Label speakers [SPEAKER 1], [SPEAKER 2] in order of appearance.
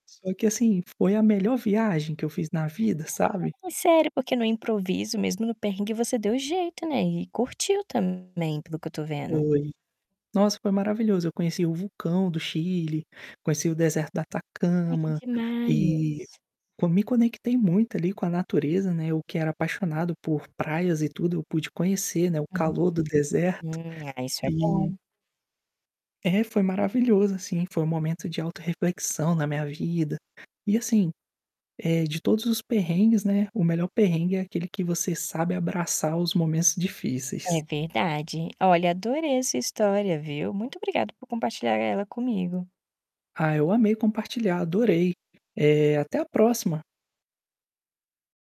[SPEAKER 1] Só que assim, foi a melhor viagem que eu fiz na vida, sabe?
[SPEAKER 2] Hum, sério, porque no improviso mesmo, no perrengue você deu jeito, né, e curtiu também, pelo que eu tô vendo.
[SPEAKER 1] Foi. Nossa, foi maravilhoso, eu conheci o vulcão do Chile, conheci o deserto da
[SPEAKER 2] Ai, que
[SPEAKER 1] Atacama, e
[SPEAKER 2] demais.
[SPEAKER 1] co me conectei muito ali, com a natureza, né, eu que era apaixonado por praias e tudo, pude conhecer, né, o calor do deserto,
[SPEAKER 2] Uhum. É, isso é
[SPEAKER 1] e
[SPEAKER 2] bom.
[SPEAKER 1] É, foi maravilhoso assim, foi um momento de autorreflexão na minha vida. E assim, eh, de todos os perrengues, né, o melhor perrengue é aquele que você sabe abraçar os momentos
[SPEAKER 2] É
[SPEAKER 1] difíceis.
[SPEAKER 2] verdade. Olha, adorei essa história, viu. Muito obrigada por compartilhar ela comigo.
[SPEAKER 1] Ah, eu amei compartilhar, adorei. Eh, até a próxima.